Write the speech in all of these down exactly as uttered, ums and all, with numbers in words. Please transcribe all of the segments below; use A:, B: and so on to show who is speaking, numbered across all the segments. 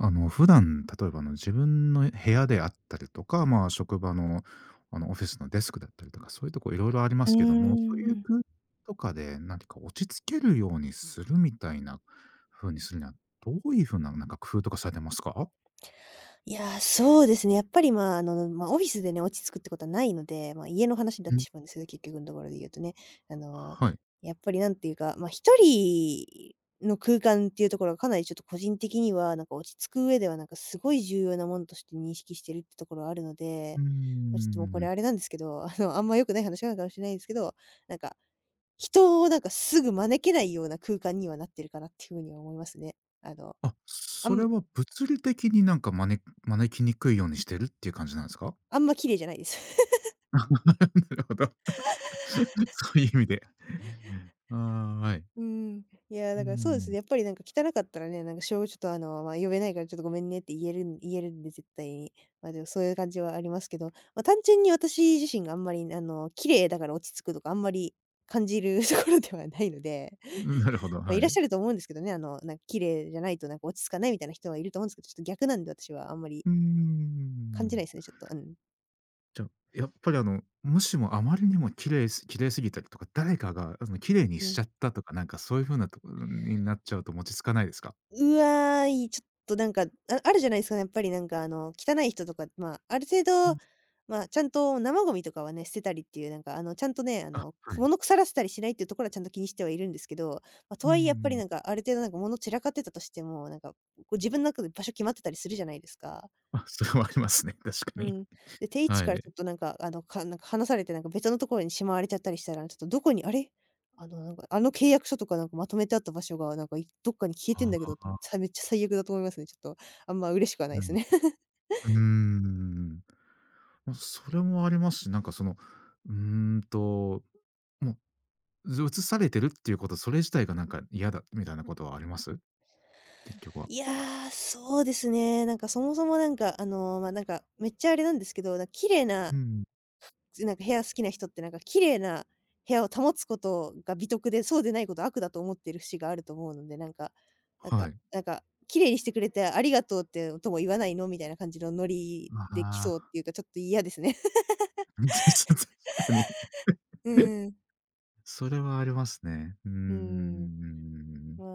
A: あの、普段、例えばあの自分の部屋であったりとか、ま、職場のあの、オフィスのデスクだったりとか、そういうとこ色々ありま
B: うー
A: すけども、そういう
B: ん。
A: くうとかで何ていうか、落ち着けるようにするみたいな風にするには、どういう風な、なんか工夫とかされてますか？
B: いや、そうですね、やっぱり、ま、あの、ま、オフィスでね、落ち着くってことはないので、ま、家の話にだっ
A: う
B: て
A: ん。
B: しまうんすけど、結局んところで言うとね。あの、
A: ははい。
B: やっぱり何ていうか、ま、一人の空間っていうところは、かなりちょっと個人的には、なんか落ち着く上では、なんかすごい重要なもんとして認識してるってところはあるの
A: う
B: で。
A: ー
B: ま、ちょっと、もうこれ
A: ん。
B: あれなんですけど、あの、あんま良くない話なのかもしれないんですけど、なんか人をなんかすぐ招けないような空間には、なってるかなっていう風には思いますね。あの、
A: あ、
B: あ
A: それ
B: む
A: は物理的になんかまねん、招きにくいようにしてるっていう感じなんすか？
B: あんま綺麗じゃないです。
A: なるほど。そういう意味で。えええ、ああ、あ い。
B: うーん、いや、
A: う
B: だからそうですね、
A: ん。
B: やっぱりなんか汚かったらね、なんかしょちょっとあの、ま「呼べないからちょっとごめんね」って言えるん言えるんで、絶対に。ま、でもそういう感じはありますけど。ま、単純に私自身があんまり、あの、綺麗だから落ち着くとか、あんまり感じるところではないので
A: うん、なるほ ど、
B: ま、
A: は
B: いらっし
A: い。
B: ゃると思うんですけどね、あの、なんか綺麗じゃないと、なんか落ち着かないみたいな人はいると思うんすけど、ちょっと逆なんで私はあんまり
A: うー
B: 感じない
A: ん。
B: ですね、ちょっと、あん。
A: じゃ、やっぱりあの、もしもあまりにも綺麗す綺麗すぎたりとか、誰かがあの、綺麗に
B: う
A: し
B: ん。
A: ちゃったとか、なんかそういう風なところになっちゃうと、もち着かないですか？
B: うわ、いちょっとなんか、ああるじゃないすか、やっぱりなんかあの、汚い人とか、ま、ある程
A: うん。
B: 度、ま、ちゃんと生ゴミとかはね、捨てたりっていう、なんかあの、ちゃんとね、あ
A: あ、
B: の、
A: はい。
B: 物腐らせたりしないっていうところは、ちゃんと気にしてはいるんですけど。ま、と
A: うんう
B: は
A: んう
B: いえ、やっぱり
A: ん。
B: なんかある程度、なんか物散らかってたとしても、なんかこう自分の中で場所決まってたりするじゃないですか。
A: あ、それはありますね、確か
B: う
A: に。
B: ん。で、定位置
A: は
B: からちょっ
A: い。
B: となんかあの、かなんか離されてなんか別のところにしまわれちゃったりしたら「ちょっとどこに、あれ、あの、なんかあの契約書とかなんかまとめてあった場所が、なんかいどっかに消えてん
A: あ
B: だけど」うん、
A: あ。
B: さめっちゃ最悪だと思いますね、ちょっとあんま嬉しくはないすね。
A: う ん、うーん。ま、それもありますし、なんかその、うんと、うもう、ぞ移されてるっていうこと、それ自体がなんか嫌だみたいなことはあります？結局は。
B: いや、そうですね。なんかそもそも、なんかあの、ま、なんかめっちゃあれなんですけど、だ綺麗な
A: うん。
B: ずなんか部屋好きな人って、なんか綺麗な部屋を保つことが美徳で、そうでないことは悪だと思ってる節があると思うので、なんかなん
A: は
B: か
A: い。
B: なんか「綺麗にしてくれてありがとうってとも言わないの？」みたいな感じのノリで来
A: あ
B: そう
A: あ。
B: っていうか、ちょっと嫌ですね。
A: うん、たし確かに。
B: うん。
A: それはありますね。うー
B: うん。
A: ん。
B: ま、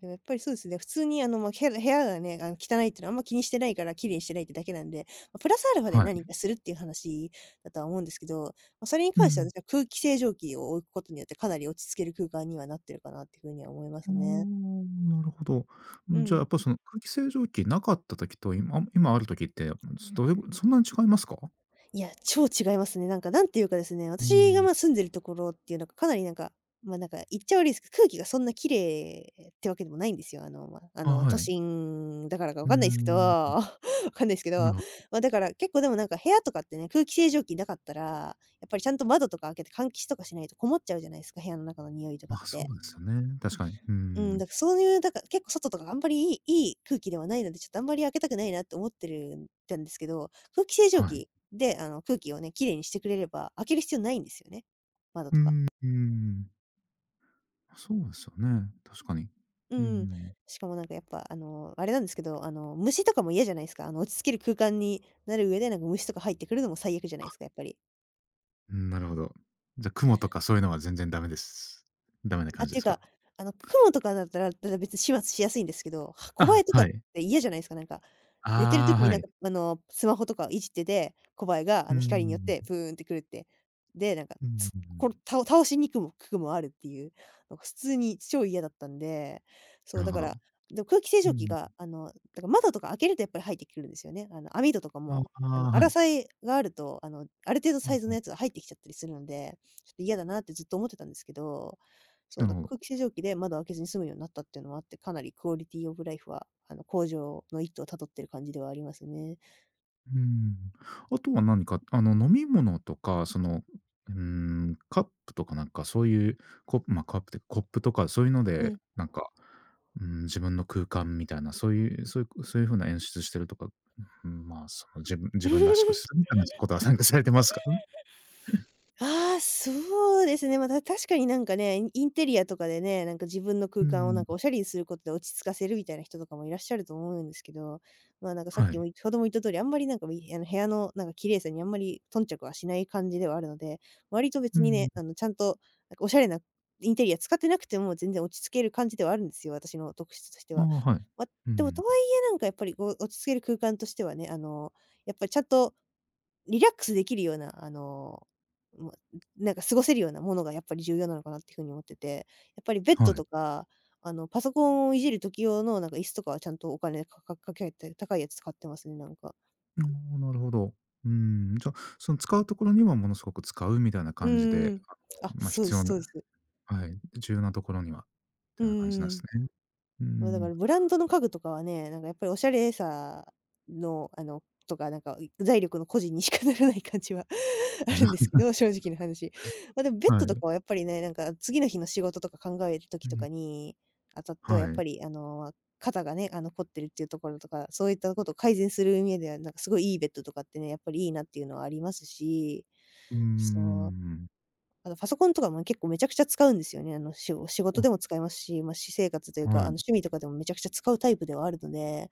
B: でもやっぱりそうですね、普通にあの、ま、へら部屋がね、あん、汚いっていうのはあんま気にしてないから、綺麗にしてないってだけなんで。ま、プラスアルファで
A: は
B: 何
A: い。
B: かするっていう話だとは思うんですけど、ま、それに
A: う
B: 関しては、
A: ん。
B: 私は空気清浄機を置うことによって、かな
A: [unintelligible]
B: り落ち着ける空間には、なってるかなっていう風には思いま
A: う
B: す
A: ー
B: ね。
A: ん、なるほど。う
B: う
A: ん、じゃあ、
B: ん。
A: やっぱその空気清浄機なかった時と今、あ、もう、今ある時って、うん、すどれぐそんなに違いますか？
B: はい、いや、超違いますね。なんか何て言うかですね、
A: う
B: 私が、
A: ん。
B: ま、住んでるところっていうなんか、かなりなんか、ま、なんか言っちゃ悪いすけど、空気がそんな綺麗ってわけでもないんですよ。あの、ま、あ
A: あ、
B: の、
A: は
B: 都
A: い。
B: 心だからか分
A: うー
B: かんないすけど、
A: ん。
B: 分かんないすけ
A: な
B: ど、
A: るほど、うん。
B: ま、だから結構でもなんか部屋とかってね、空気清浄機なかったら、やっぱりちゃんと窓とか開けて換気しとかしないと、こもっちゃうじゃないすか、部屋の中のにおいとか
A: ま、
B: っ
A: そう
B: て。
A: ですよね。確かに。うー
B: うん、だ
A: ん。
B: かそういう、だか結構外とかが、あんまりいいいい空気ではないので、ちょっとあんまり開けたくないなって思ってるんたんですけど。空気清浄
A: はい。
B: 機であの、空気をね、綺麗にしてくれれば、開ける必要ないんですよね、窓
A: うー
B: とか。
A: んうーん。あ、そうですよね。確かに。
B: うん-
A: うん-うん-
B: うん。
A: うん。
B: しかもなんかやっぱ、あの、あれなんですけど、あの、虫とかも嫌じゃないすか。あの、落ち着ける空間になる上で、なんか虫とか入ってくるのも最悪じゃな
A: あ。
B: いすか、やっぱり。
A: うーん、なるほど。じゃ、蜘蛛とかそういうのが全然ダメですダメな感
B: あ、
A: じで
B: て
A: す
B: か、
A: か？
B: あの、蜘蛛とかだったら、だだ別に始末しやすいんですけど、はコバ
A: あ、
B: エとか
A: は
B: っ
A: い。
B: て嫌じゃないすか、なんか、寝てる
A: あ
B: 時
A: あ、
B: に
A: は
B: なん
A: い。
B: かあの、スマホとかをいじってて、コバエが、
A: う
B: あ
A: ーん、う
B: の、光によって
A: ん。
B: プーンって来るって。で、なんか、
A: うん、う
B: つ
A: う
B: こん
A: ん。
B: たお倒しにくもくくもあるっていう。なか普通に超嫌だったんで、そ
A: な
B: う、
A: る
B: だ
A: ほ
B: か
A: ど。
B: ら、ど空気清
A: うん
B: 浄
A: う
B: 機が
A: ん。
B: あの、だか窓とか開けるとやっぱり入ってくるんですよね。あの、網戸とか
A: あ、
B: も、
A: あ
B: あの、
A: あ、
B: あ
A: は
B: ら
A: い。
B: さいがあると、あの、ある程度
A: う
B: サ
A: ん
B: イズ
A: う
B: の
A: ん。
B: やつが入ってきちゃったりするので、ちょっと嫌だなってずっと思ってたんですけど、そう、
A: な
B: だか
A: ほど。
B: 空気清浄機で窓を開けずに済むようなったっていうのもあって、かなりクオリティオブライフはあの、向上の一途を辿ってる感じではありますね。
A: うーん。あとは何かあの、飲み物とかその、ううーん、カップとかなんかそういうコッま、カップてコップとかそういうの
B: う
A: で
B: ん。
A: なんか、うーん、自分の空間みたいな、そういうそいこそういう風な演出してるとか、うふん、ま、そ、自分自分らしく するみたいなしことは参加されてますか？
B: ああ、そうですね。ま、だ確かになんかね、イインテリアとかでね、なんか自分の
A: う
B: 空
A: ーん、う
B: 間をなんかお
A: ん。
B: 洒落にすることで、落ち着かせるみたいな人とかもいらっしゃると思うんですけど、ま、なんかさっ
A: は
B: きも、
A: い。
B: いほども言った通り、あんまりなんか、みやの、部屋のなんか綺麗さにあんまり頓着はしない感じではあるので、割と
A: う
B: 別
A: ーん、
B: に
A: う
B: ね、
A: ん。
B: あの、ちゃんとなんかおしゃれなインテリア使ってなくても、全然落ち着ける感じではあるんすよ、私の特質として
A: ああ、
B: は。
A: はい。う
B: ま、
A: ー
B: でも
A: ん、
B: とは
A: うん。
B: 言え、なんかやっぱりこう落ち着ける空間としてはね、あの、やっぱりちゃんとリラックスできるような、あの、もう、うなんか過ごせるようなものがやっぱり重要なのかなっていう風に思ってて。やっぱりベッ
A: は
B: ド
A: い。
B: とか、あの、パソコンをいじる時用のなんか椅子とかはちゃんとお金かかかけて、高いやつ使ってますね、なんか。
A: の、なるほど。うーん、じゃ、その使うところにはものすごく使うみたいな
B: うん
A: 感じ
B: うん
A: で、
B: うん、
A: あ
B: あ、
A: の、ま、
B: そうで
A: 必
B: す
A: 要な
B: そうです。
A: はい。重要なところには、
B: う
A: て
B: んう
A: な感じなん
B: んうん。
A: すね。う
B: ま、だか
A: ん。
B: らブランドの家具とかはね、なんかやっぱりおしゃれさの、あの、とかなんか、うい財力の誇示にしかならない感じはあるんですけど、正直な 話。ま、でもベッ
A: は
B: ドと
A: い。
B: かはやっぱりね、なんか次の日の仕事とか考える
A: う
B: 時と
A: ん。
B: かにあたっては、
A: は
B: やっ
A: い。
B: ぱりあの、肩がね、あの、凝ってるっていうところとか、そういったこと改善するうにぇでは、なんかすごいいいベッドとかってね、やっぱりいいなっていうのはありますし、
A: うー
B: そう。
A: ん。
B: あとパソコンとかも結構めちゃくちゃ使うんですよね。あの、しご仕
A: お
B: 事で
A: あ。
B: も使いますし、ま、私生活というか、あの、
A: はい。
B: 趣味とかでもめちゃくちゃ使うタイプではあるので、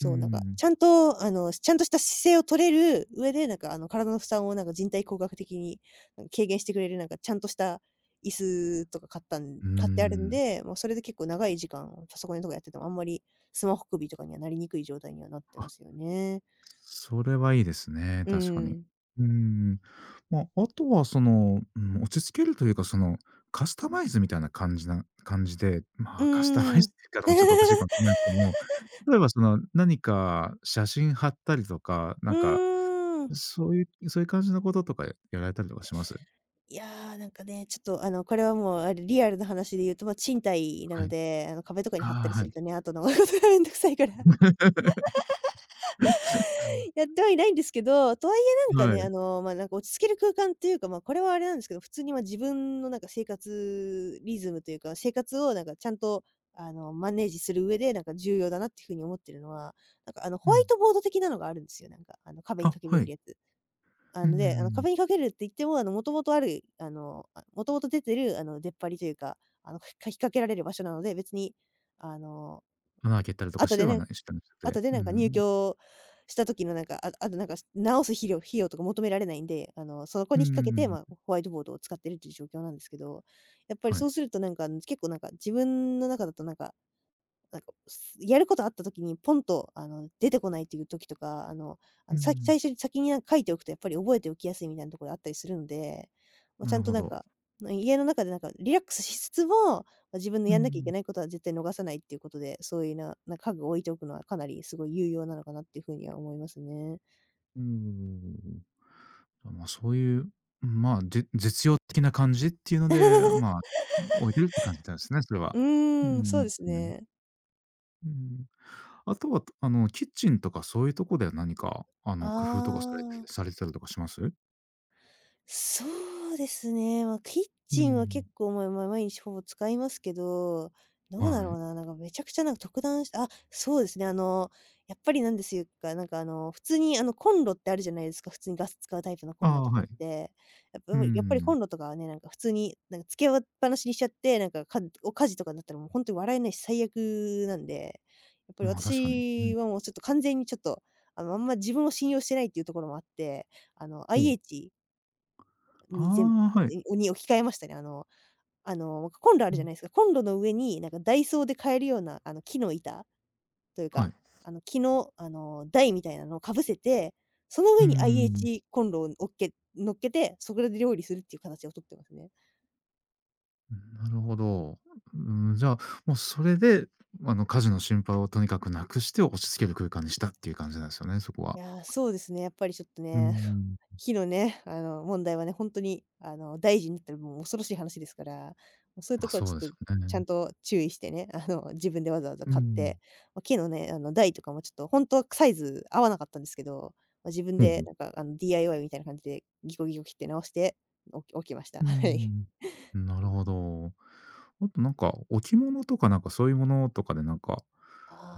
A: うー
B: う。なんか、ち
A: ん。
B: ゃんとあの、しちゃんとした姿勢を取れる上で、なんかあの、体の負担をなんか人体工学的に、ん、軽減してくれるなんかちゃんとした椅子とか買ったん
A: うー
B: 買ってあるん
A: ん。
B: で、もうそれで結構長い時間をパソコンとかやっててもあんまり、スマホ首とかにはなりにくい状態にはなってま
A: あ。
B: すよね。
A: それはいいですね、
B: う
A: 確かに。
B: ん。
A: うん。ま、後はその、うん、落ち着けるというか、その、カスタマイズみたいな感じな感じで、
B: う
A: ま、カスタマイ
B: ー
A: ズ
B: ん。
A: って言い方もちょっとおかしいかもしんないですけども、例えば、その、何か写真貼ったりとか、な
B: う
A: んか、
B: ーん。
A: そういうそういう感じの事とかやられたりとかします？
B: いや、なんかね、ちょっとあのこれはもう、ある、リアルな話で言うとま、賃貸な
A: は
B: の
A: い。
B: で、あの、壁とかに貼ったり
A: ああ、
B: す
A: は
B: る
A: い。
B: とね、あとのがめんどくさいから。やってはいないんですけど、とはいえ、なんか
A: は
B: ね、
A: い。
B: あの、ま、なんか落ち着ける空間っていうか、ま、これはあれなんですけど、普通にま、自分のなんか生活リズムというか、生活をなんかちゃんとあの、マネージする上で、なんか重要だなって風に思っているのは、なんかあの
A: う
B: ホワイ
A: ん。
B: トボード的なのがあるんですよ、なんか、あの、壁に
A: あ、
B: 掛けれ
A: は
B: る
A: い。
B: やつ。あ
A: うんうん
B: の、
A: う
B: で、あの、
A: んうん。
B: 壁に掛けるっていっても、あの、元々あるいあの、あ、元々出てる、あの、出っ張りというか、あの、ふかき掛けられる場所なので、別にあの、
A: 穴開けた
B: なん
A: り
B: か、
A: とかし
B: 後
A: て
B: で
A: は
B: ねん
A: ない。え、したんす
B: 後
A: て、
B: で
A: うー
B: なんか入
A: ん。も
B: 居した時のなんか、ああとなんか、す直すひりょう費用とか求められないんで、あの、そこ
A: うー
B: に
A: ん、
B: 引っ掛けて、ま、
A: う
B: ほ
A: ん。
B: ホワイトボードを使ってるっていう状況なんですけど、やっぱり
A: はい。
B: そうするとなんか、あの、つ結構なんか、自分の中だとなんか、なんかを、すやることあった時に、ポンとあの、出てこないっていう時とか、あの、あ
A: う
B: の、さい-
A: ん。
B: 最初に先にや書いておくとやっぱり、覚えておきやすいみたいなところあったりするんで。ま、
A: な
B: ちゃ
A: る
B: んと
A: ほ
B: なん
A: ど。
B: か、ま、家の中でなんかリラックスしつつも、ま、自分の
A: う
B: やんなきゃいけ
A: ん。
B: ないことは絶対逃さないっていうことで、そういうな、な、家具を置いておくのはかなりすごい有用なのかなって風には思いますね。
A: うーん。あ、ま、そういう、うん、ま、じ実用的な感じっていうので、あ、ま、置いてるって感じだんすね、それ は。
B: う
A: うんう
B: ーん、そう
A: ん
B: です
A: うん、うん。
B: ね。
A: うん。あとは、と、あのキッチンとかそういうとこでは何かあ
B: あ
A: の工夫とかされて
B: あ。
A: されたりとかします？
B: そうですね。ま、キッ
A: う
B: チンは
A: ん。
B: 結構、まあまあ毎日ほぼ使いますけど、どうだ
A: は
B: ろう
A: い。
B: な、なんかめちゃくちゃなんか特段しあ、そうですね、あの、やっぱりなんですゆか、なんかあの普通にあのコンロってあるじゃないですか、普通にガス使うタイプのコ
A: あ
B: ンロと
A: あ、
B: かっ
A: はい。
B: て。あ、
A: う
B: う
A: ー
B: む、やっぱりコ
A: ん。
B: ンロとかはね、なんか普通になんか付けあわっぱなしにしちゃって、なんか、かんお火事とかになったらもうほんとに笑えないし最悪なんで。やっぱり
A: ま、確かに。う
B: 私
A: ん。
B: はもうちょっと完全にちょっと、あの、あんま自分を信用してないっていうところもあって、あの
A: ほう。
B: IH に全
A: ああ、はい。
B: にうに置き換えましたね。あのあのコンロあ
A: う
B: るじゃ
A: ん。
B: ないですか。コンロの上になんかダイソーで買えるようなあの木の板という
A: は
B: か、
A: い。
B: あの木の、あの台みたいなのをかぶせて、その
A: うー
B: 上に
A: ん。
B: IH コンロをおっけ乗っけて、そこで料理するっていう形をとってますね。
A: うん。なるほど。うん、じゃあ、もうそれで、あの火事の心配をとにかく無くして落ち着ける空間にしたっていう感じなんですよね、そこ
B: い
A: は。
B: や、そうですね、やっぱりちょっと
A: うー
B: ね、
A: ん。
B: 火のね、あの問題はね、ほんとに、あの大事になったらもう恐ろしい話ですから、もう、そういうと
A: ま、
B: ころは
A: そ
B: ち
A: うで
B: ょっ
A: す
B: と、
A: よ
B: ちゃ
A: ね。
B: んと注意してね、あの自分でわざわざ
A: う
B: 買っ
A: ん。
B: て、ま、木のね、あの台とかもちょっとほんとは、くサイズ合わなかったんですけど、ま、自分
A: ふんふ
B: で
A: ん。
B: なんかあの DIY みたいな感じでギコギコ切って直して置き置きました。
A: うー
B: はい。
A: ん。ん、なるほど。あとなんか置物とかなんかそういうものとかで、なんか、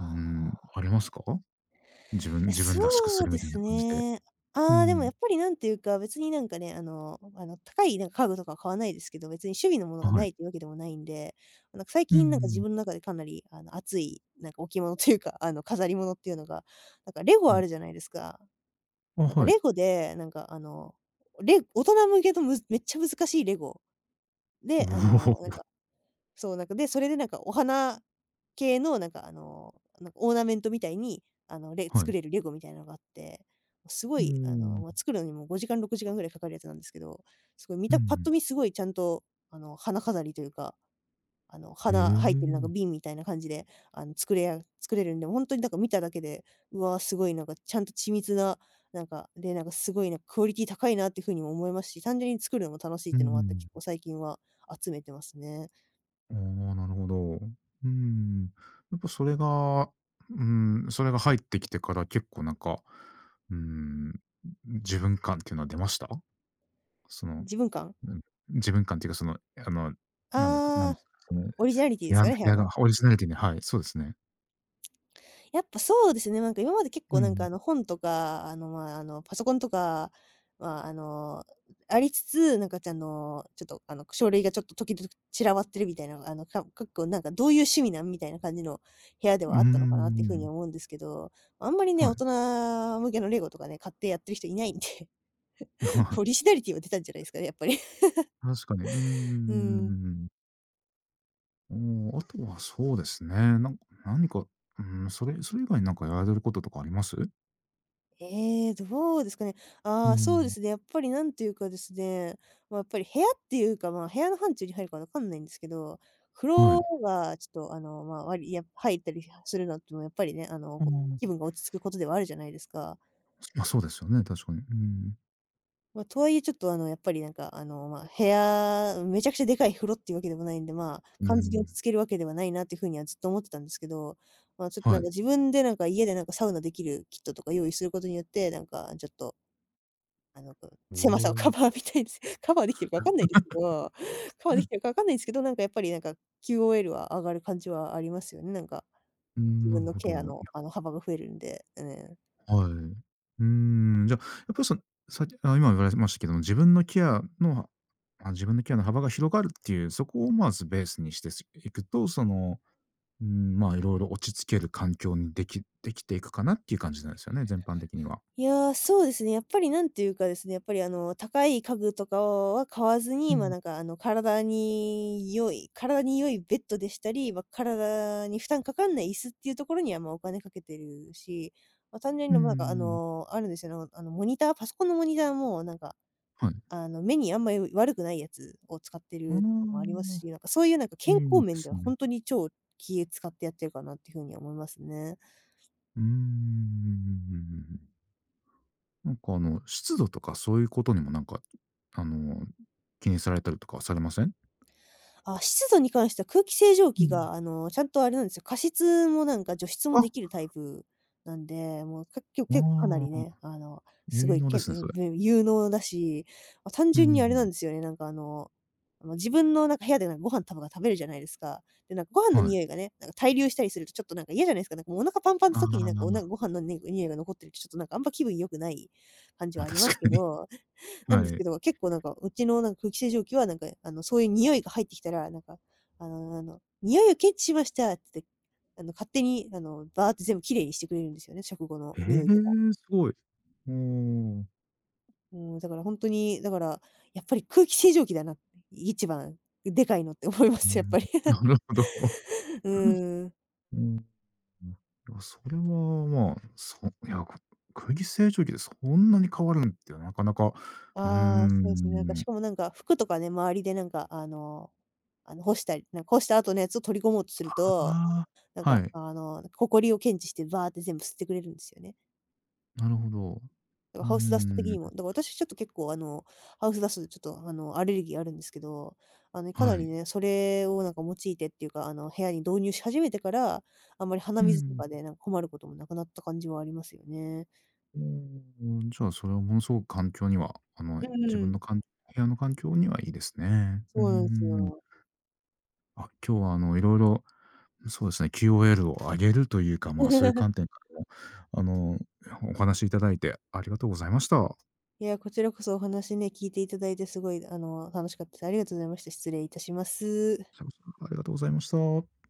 A: うん、あります
B: あ。
A: か？自分
B: いや、
A: 自分らしくす
B: そう
A: るみ
B: で
A: たいな
B: す
A: 感じで。
B: ね。
A: う
B: あ、でもや
A: ん。
B: っぱり何ていうか、別になんかね、あのあの高いなんか家具とかは買わないですけど、別に趣味のもの
A: あ、
B: が
A: は
B: な
A: い。
B: いというわけでもないんで、なんか最
A: うんう
B: 近、なんか自
A: ん。
B: 分の中でかなりあの熱い、なんか置物というか、あの飾り物っていうのが、なんかレゴ
A: う
B: ある
A: ん。
B: じゃないですか？
A: あ、
B: なんか
A: はい。
B: レゴで、なんかあの、レ大人向けのむめっちゃ難しいレゴ。
A: お
B: で、あの、なん
A: お。
B: かそう、なんか、で、それでなんかお花系のなんかあの、なんか、オーナメントみたいに、あの、レ
A: は
B: 作
A: い。
B: れるレゴみたいのがあって、すご
A: うー
B: いあの、ま、
A: ん。
B: 作るのにもごじかん、ろくじかんぐらいかかるやつなんですけど、すごい見
A: うん
B: た
A: う
B: パッ
A: ん。
B: と見すごいちゃんとあの、花飾りというか、あの、
A: ええ、
B: 花入ってるなんか
A: ん。
B: 瓶みたいな感じで、あの、作れあ作れるんで、ほんとになんか見ただけで、うわ、すごいなんかちゃんと緻密な、なんか、で、なんかすごいなん、クオリティ高いなっていう風にも思いますし、単純に作るのも楽しい
A: う
B: っ
A: ー
B: ていうのもあって、
A: ん。
B: 結構最近は集めてますね。
A: おお、なるほど。うん、やっぱそれが、うん、それが入ってきてから、結構、なんか、うーん、うう自分感っていうのは出ました？その
B: 自分感？
A: うん、自分感っていうか、その、あの、なんですか、なに
B: ああ、
A: それ、
B: オリジナリティです
A: や
B: か
A: む
B: ね？部屋
A: や、だ、
B: の。
A: オリジナリティにはい、そうですね。
B: やっぱ、そうですね。まんか、今まで結
A: うん
B: 構、
A: う
B: なんか、あ
A: ん。
B: の、本とか、あの、まあ、あの、パソコンとか、まあ、あの、ありつつ、なんか、ちゃんの、ちょっと、あの、く書類がちょっとときどぅ散らばってるみたいなのが、あの、かむかっこ、なんか、どういう趣味なん？みたいな感じの部屋で
A: うー
B: はあったのかなっていう風に
A: ん。
B: 思うんですけど。あんまりね、
A: は
B: 大
A: い。
B: 人向けのレゴとかね、買ってやってる人いないんで、ポ リシナリティは出たんじゃないすかね、やっぱり。
A: 確かに。うー
B: うん。
A: ん。おお。あとはそうですね、なんか、何か、うん、それ-それ以外になんかやられてることとかあります？
B: ええ、どうですかね。
A: う
B: ああ、そうで
A: ん。
B: すね、やっぱり、何ていうかですね、まあ、やっぱり部屋っていうか、まあ、部屋の範疇に入るか分かんないんですけど、風
A: は
B: 呂
A: い。
B: がちょっと、あの、まあ、わりや入ったりはするのってのは、やっぱりね、あの、
A: ああ、
B: ご
A: あ。
B: 気分が落ち着くことではあるじゃないですか。
A: まあ、そうですよね、確かに。うん。
B: ま、とはいえ、ちょっとあの、やっぱりなんかあの、ま、部屋、うん、めちゃくちゃでかい風呂っていうわけでもないんで、まあ、
A: う
B: 完全に落ち
A: ん。
B: 着けるわけではないなっていう風には、ずっと思ってたんですけど。ま、ちょっとな
A: は
B: ん
A: い。
B: か自分でなんか家でなんか、サウナできるキットとか用意することによって、なんかちょっとあの、く
A: お
B: 狭さをカ
A: お。
B: バーみたいです。カバーできてるかわかんないですけど。カバーでき てるか分かんないんすけど、なんかやっぱりなんか QOL は上がる感じはありますよね。なんか
A: うん。
B: 自
A: な
B: 分
A: る
B: の
A: ほど。
B: ケア
A: い
B: の
A: や
B: あの幅が増えるんで。うねん。
A: はい。うーん、じゃ、やっぱりそのさっあ、今言われてましたけども、自分のケアのあの自分のケアの幅が広がるっていう、そこをまずベースにして、しいくと、その、うん、まあ、いろいろ落ち着ける環境にできできていくかなっていう感じなんですよね、全般的には。
B: いや、そうですね、やっぱり何ていうかですね、やっぱりあの、高い家具とかをは買わず
A: う
B: に、ま、
A: ん。
B: なんかあの、体に良い体に良いベッドでしたり、ま、体に負担かかんない椅子っていうところには、ま、お金かけてるし、ま、単純
A: う
B: に、
A: んう
B: ま、なんかあ
A: ん。
B: の、あるんですよ、あのあのモニターパソコンのモニターもなんか、
A: はい。
B: あの、目にあんまり悪くないやつを使って
A: うー
B: るのもあります
A: ん。
B: し、なんかそういうなんか健
A: いい
B: 康
A: で
B: 面で
A: す
B: は、ほ
A: ね。
B: んとに超気使ってやってるかなっていう風には思いますね。
A: うーん。なんかあの、湿度とかそういうことにもなんか、うあの、う気にされたりとかはされません？
B: あ、湿度に関しては空気清浄
A: う
B: 機
A: ん。
B: があの、ちゃんとあれなんすよ、加湿もなんか除湿もで
A: あ。
B: きるタイプなんで、もうかきょ
A: あ
B: けかなり
A: あ、
B: ね、あのすご
A: 結
B: い
A: 納で
B: けん
A: すね、
B: ね
A: そ
B: ん
A: れ。
B: でん有能だし、あ、単
A: うんう
B: 純
A: んう
B: にあれな
A: ん。
B: んですよね、なんかあの、ま、自分のなんか部屋で、なご飯たぶが食べるじゃないですか。で、なんかご飯の
A: は
B: に
A: い。
B: おいがね、なんか滞留したりすると、ちょっとなんか嫌じゃないすか、なんかもうお腹パンパン
A: あ
B: そきになんか、おな
A: あ。
B: ご飯のねにおいが残ってるとちょっとなんか、あんま気分良くない、感じは
A: ま、
B: ありま
A: 確
B: すけ
A: かに。
B: ど、なんで
A: は
B: す
A: い。
B: けど、結構なんか、うちのなんか、空気清浄機はなんか、え、あの、そういうにおいが入ってきたら、なんか、あのあの「においを検知しました」つって、あの、勝手にあの、バーって全部綺麗にしてくれるんですよね、食後の
A: へ
B: においとか。
A: え、すごい。ほう。
B: もうだからほんとに、だから、やっぱり「空気清浄機だな」って、一番でかいのって思いま
A: うー
B: す、やっ
A: ん。
B: ぱり。
A: なるほど。
B: う ーん。
A: おお。いや、それはま、そう、いや、く空気清浄機でそんなに変わるんって、なかなか、うー
B: ああ、そうえすね。なんか、し
A: ん。
B: かもなんか服とかね、周りでなんかあの、あの、干したりなん干した後のやつを取り込もうとすると、
A: ああ、
B: なん
A: は
B: か
A: い。
B: あの、だ、埃を検知してバーって全部吸ってくれるんすよね。
A: なるほど。
B: だ
A: う
B: か
A: ー
B: ハウスダスト的
A: ん。
B: にも。だから私ちょっと結構あの、ハウスダストでちょっとあの、アレルギーあるんですけど、あの、かな
A: は
B: り
A: い。
B: ね、それをなんか用いてっていうか、あの、部屋に導入し始めてから、あんまり鼻
A: うんう
B: 水と
A: ん。
B: かで、なんか困ることもなくなった感じはありますよね。
A: おお、お、じゃあ、それは、ものすごく環境には、あの、い
B: うん
A: 自
B: う
A: 分
B: ん。
A: のかん部屋の環境にはいいですね。うー
B: そうなんす
A: ん。
B: よ。
A: あ、今日はあの、色々そうですね、キューオーエルを上げるというか、ま、そういう 観点からも、あの、え、お話しいただいてありがとうございました。
B: いや、こちらこそお話ね、聞いていただいて、すごいあの、楽しかったです。ありがとうございました。失礼いたします。
A: しゃごそ、ありがとうございました。